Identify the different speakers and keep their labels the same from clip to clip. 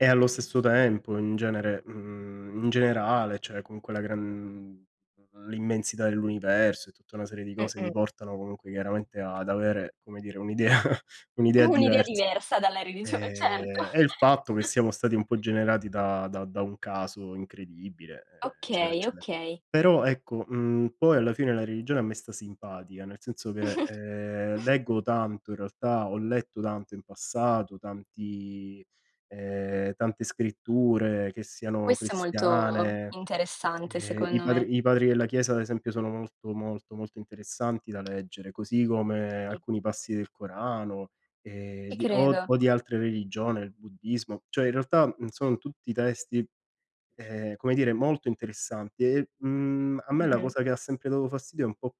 Speaker 1: E allo stesso tempo in genere mhmm, in generale, cioè, comunque la gran l'immensità dell'universo, e tutta una serie di
Speaker 2: Mh,
Speaker 1: cose
Speaker 2: mh.
Speaker 1: mi portano, comunque, chiaramente ad avere, come dire, un'idea un'idea
Speaker 2: Un'idea
Speaker 1: divers
Speaker 2: diversa dalla religione, certo.
Speaker 1: Ehm, e il fatto che siamo stati un po' generati da da da un caso incredibile, eccetera,
Speaker 2: Okay,
Speaker 1: eccetera.
Speaker 2: okay.
Speaker 1: Però ecco, mhmm, poi alla fine la religione a me sta simpatica, nel senso che, ehm, leggo tanto in realtà, ho letto tanto in passato, tanti ehm, tante scritture che siano
Speaker 2: Questo è molto
Speaker 1: cristiane,
Speaker 2: interessante
Speaker 1: ehm i
Speaker 2: secondo me.
Speaker 1: padri i padri della chiesa ad esempio sono molto, molto, molto interessanti da leggere, così come
Speaker 2: I
Speaker 1: alcuni passi del Corano, ehm,
Speaker 2: Ti
Speaker 1: di o
Speaker 2: credo.
Speaker 1: o di altre religione, il buddismo. Cioè, in realtà, mhmm, sono tutti testi, ehm, come dire, molto interessanti. E, mhmm, a me la
Speaker 2: Mh-mh.
Speaker 1: cosa che ha sempre dato fastidio, è un po',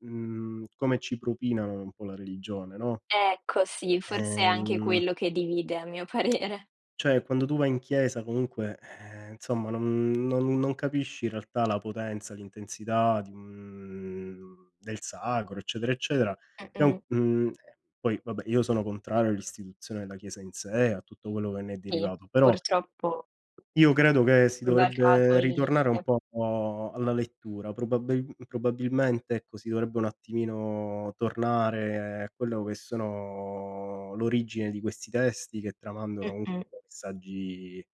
Speaker 1: mhmm, come ci propinano un po' la religione, no?
Speaker 2: Ecco sì, forse è anche
Speaker 1: Ehm
Speaker 2: quello che divide a mio parere.
Speaker 1: Cioè, quando tu vai in chiesa comunque, ehm, insomma non non non capisci in realtà la potenza, l'intensità di un del sacro, eccetera eccetera. Che
Speaker 2: Mh,
Speaker 1: è un
Speaker 2: mh.
Speaker 1: ehm, poi vabbè, io sono contrario all'istituzione della chiesa in sé, a tutto quello che ne è
Speaker 2: Sì
Speaker 1: derivato, però
Speaker 2: purtroppo, [unintelligible]
Speaker 1: io credo che si
Speaker 2: ribaltato
Speaker 1: dovrebbe
Speaker 2: il
Speaker 1: ritornare un
Speaker 2: limite.
Speaker 1: po' alla lettura. Probabil probabilmente ecco, si dovrebbe un attimino tornare a quello che sono l'origine di questi testi, che tramandano
Speaker 2: Mh-mh.
Speaker 1: comunque messaggi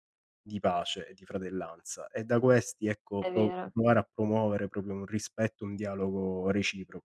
Speaker 1: di pace e di fratellanza. E da questi ecco
Speaker 2: È
Speaker 1: pro
Speaker 2: vero.
Speaker 1: provare a promuovere proprio un rispetto, un dialogo reciproco.